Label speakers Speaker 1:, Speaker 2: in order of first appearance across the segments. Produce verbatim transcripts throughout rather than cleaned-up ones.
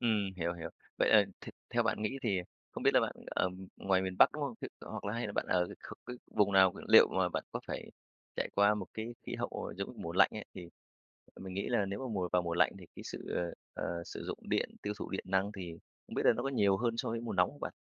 Speaker 1: Ừm, hiểu, hiểu. Vậy là th theo bạn nghĩ thì không biết là bạn ở ngoài miền Bắc, đúng không? Ờ, hoặc là hay là bạn ở cái kh cái vùng nào? L liệu mà bạn có phải trải qua một cái khí hậu, giống như, mùa lạnh ấy, thì, ờ, mình nghĩ là nếu mà mùa vào mùa lạnh thì cái sự, ờ, ờ, sử dụng điện, tiêu thụ điện năng thì không biết là nó có nhiều hơn so với mùa nóng hông bạn?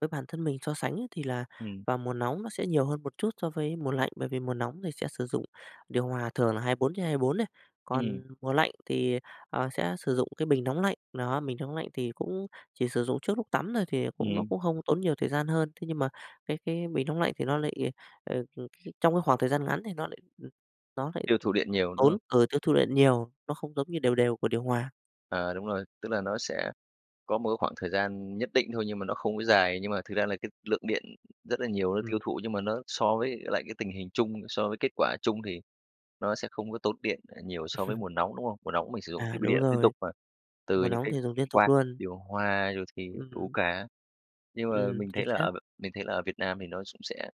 Speaker 2: Với bản thân mình so sánh ấy thì là
Speaker 1: Ừm.
Speaker 2: vào mùa nóng nó sẽ nhiều hơn một chút so với mùa lạnh, bởi vì mùa nóng thì sẽ sử dụng điều hòa thường là hai bốn trên hai bốn đấy,
Speaker 1: Ừm.
Speaker 2: còn mùa lạnh thì, ờ, sẽ sử dụng cái bình nóng lạnh, nó, bình nóng lạnh thì cũng chỉ sử dụng trước lúc tắm thôi, thì cũng nó
Speaker 1: Ừm.
Speaker 2: cũng hông tốn nhiều thời gian hơn. Thế nhưng mà cái cái bình nóng lạnh thì nó lại, ờ, c cái trong cái khoảng thời gian ngắn thì nó lại ừm, nó lại
Speaker 1: Tiêu thụ điện nhiều, đúng
Speaker 2: tốn,
Speaker 1: không?
Speaker 2: ờ, tiêu thụ điện nhiều, nó không giống như đều đều của điều hòa.
Speaker 1: À, đúng rồi, tức là nó sẽ có một cái khoảng thời gian nhất định thôi nhưng mà nó không có dài nhưng mà thực ra là cái lượng điện rất là nhiều, nó tiêu
Speaker 2: Ừm.
Speaker 1: thụ nhưng mà nó so với lại cái tình hình chung so với kết quả chung thì nó sẽ không có tốn điện, à, nhiều so với mùa nóng, đúng không? Mùa nóng mình sử dụng
Speaker 2: À,
Speaker 1: thiết bị
Speaker 2: đúng
Speaker 1: điện liên
Speaker 2: rồi.
Speaker 1: tục mà, từ
Speaker 2: Mùa
Speaker 1: những
Speaker 2: nóng
Speaker 1: cái
Speaker 2: thì dùng liên tục
Speaker 1: quạt,
Speaker 2: luôn.
Speaker 1: điều hòa rồi thì đủ
Speaker 2: Ừm.
Speaker 1: cả. Nhưng mà
Speaker 2: Ừm,
Speaker 1: mình
Speaker 2: chính
Speaker 1: thấy là
Speaker 2: xác.
Speaker 1: ờ, mình thấy là ở Việt Nam thì nó sũng sẽ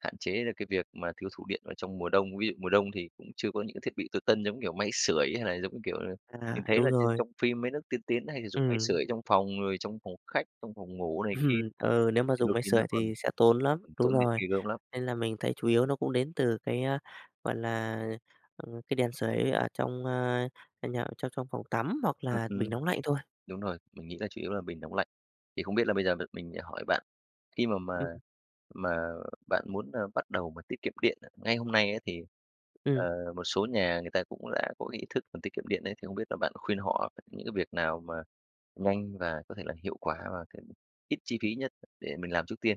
Speaker 1: hạn chế được cái việc mà tiêu thụ điện ở trong mùa đông. Ví dụ mùa đông thì cũng chưa có những cái thiết bị tối tân giống, kiểu, máy sưởi hay là giống như kiểu là
Speaker 2: À,
Speaker 1: mình thấy
Speaker 2: đúng
Speaker 1: là trên
Speaker 2: rồi.
Speaker 1: trong phim mấy nước tiên tiến hay sử dụng máy sưởi
Speaker 2: Ừm.
Speaker 1: trong phòng rồi trong phòng khách, trong phòng ngủ này kia,
Speaker 2: Ừm, ừ, nếu mà
Speaker 1: thì
Speaker 2: dùng
Speaker 1: đôi
Speaker 2: máy
Speaker 1: khi
Speaker 2: sưởi
Speaker 1: nó còn
Speaker 2: thì sẽ tốn lắm,
Speaker 1: còn
Speaker 2: đúng
Speaker 1: tốn tiện
Speaker 2: rồi,
Speaker 1: ghê gớm lắm.
Speaker 2: nên là mình thấy chủ yếu nó cũng đến từ cái, a, gọi là, ờ, ờ, cái đèn sưởi ở trong, a, à, nhà trong trong phòng tắm hoặc
Speaker 1: Ừm,
Speaker 2: là bình
Speaker 1: ừm.
Speaker 2: nóng lạnh thôi.
Speaker 1: Đúng rồi, mình nghĩ là chủ yếu là bình nóng lạnh. Thì không biết là bây giờ m mình, ờ, hỏi bạn, khi mà mà
Speaker 2: Ừm.
Speaker 1: mà bạn muốn là bắt đầu mà tiết kiệm điện á, ngay hôm nay ấy thì,
Speaker 2: Ừm.
Speaker 1: ờ, một số nhà người ta cũng đã có cái ý thức là tiết kiệm điện ấy, thì không biết là bạn khuyên họ những cái việc nào mà nhanh và có thể là hiệu quả và cái ít chi phí nhất để mình làm trước tiên?